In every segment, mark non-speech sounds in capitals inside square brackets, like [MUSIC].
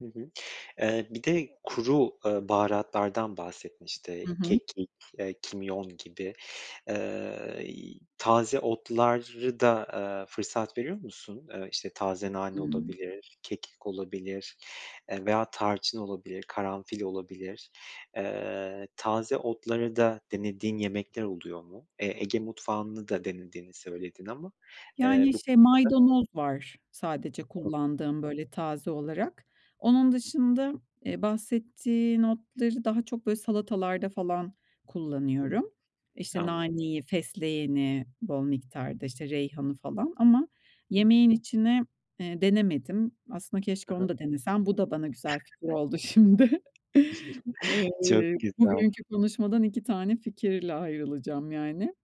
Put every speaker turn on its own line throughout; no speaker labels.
Hı hı. Eee, bir de kuru, ııı, baharatlardan bahsettin. İşte
Hı hı.
kekik, iii, kimyon gibi. Iıı, y taze otları da, ııı, fırsat veriyor musun? Iıı, işte taze nane,
Hıı.
olabilir, kekik olabilir, eee, veya tarçın olabilir, karanfil olabilir. Iıı, taze otları da denediğin, yemekler oluyor mu? Eee, Ege mutfağını da denediğini söyledin ama, eee,
Yani,
bu.
şey,
[UNINTELLIGIBLE]
maydanoz var sadece
[UNINTELLIGIBLE]
kullandığım, böyle taze olarak. Onun dışında, eee, bahsettiğin otları daha çok böyle salatalarda, falan
Hıı,
kullanıyorum. İşte,
anladım.
naneyi, fesleğeni, bol miktarda, işte reyhanı, falan ama
Hı.
yemeğin içine, eee, denemedim aslında.
Hı
Keşke
hı.
onu da denesem, bu da bana güzel fikir
[CHUCKLES]
oldu, şimdi. [CHUCKLES]
[CHUCKLES] Çok
Iıı,
güzel.
bugünkü konuşmadan 2 tane fikirle ayrılacağım yani;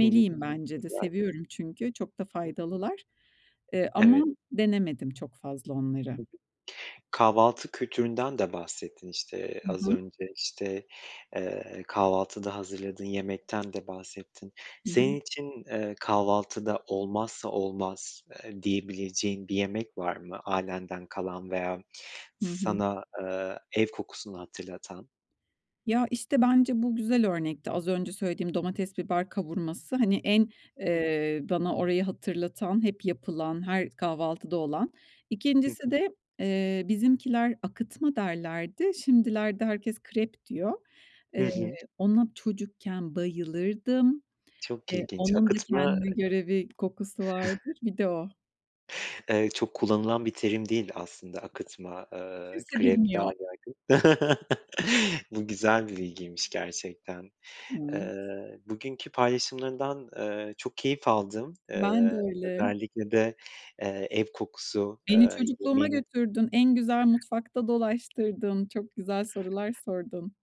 Hı hı. Çok
bence de.
güzel.
Seviyorum çünkü çok da
Hı.
faydalılar, eee, ama
Evet.
denemedim çok fazla onları.
Hı hı. Kahvaltı kültüründen de bahsettin; işte
Hı
az
hı.
önce işte, eee, kahvaltıda hazırladığın yemekten de bahsettin.
Hı hı.
Senin için, ııı, kahvaltıda olmazsa olmaz eee, diyebileceğin bir yemek var mı ailenden kalan veya
Hı hı.
sana, ııı, ev kokusunu hatırlatan?
Ya, işte bence bu güzel örnekti. Az önce söylediğim, domates, biber kavurması hani en,
Hı.
ııı, bana orayı hatırlatan, hep yapılan, her kahvaltıda olan.
Hı hı.
İkincisi de, eee, bizimkiler akıtma derlerdi. Şimdilerde herkes krep diyor.
Hı
Eee,
hı.
ona çocukken bayılırdım.
Çok
Eee,
ilginç,
onun da
akıtma
kendine
ııı
göre bir kokusu
[CHUCKLES]
vardır. Bir de o.
Eee, çok kullanılan bir terim değil aslında, akıtma, ııı,
Kimse
krep daha
bilmiyor.
yaygın. [CHUCKLES] Bu güzel bir bilgiymiş, gerçekten.
Hıı.
Iıı, bugünkü paylaşımlarından, ııı, çok keyif aldım,
Ben de
ııı,
öyle.
özellikle de, eee, ev kokusu,
Beni
eee,
çocukluğuma
yemeğine.
götürdün. En güzel mutfakta dolaştırdın. Çok güzel sorular sordun.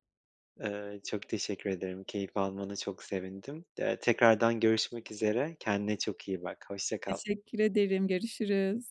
Iıı, çok teşekkür ederim, keyif almana çok sevindim. Eee, tekrardan görüşmek üzere, kendine çok iyi bak, hoşça kal.
Teşekkür ederim, görüşürüz.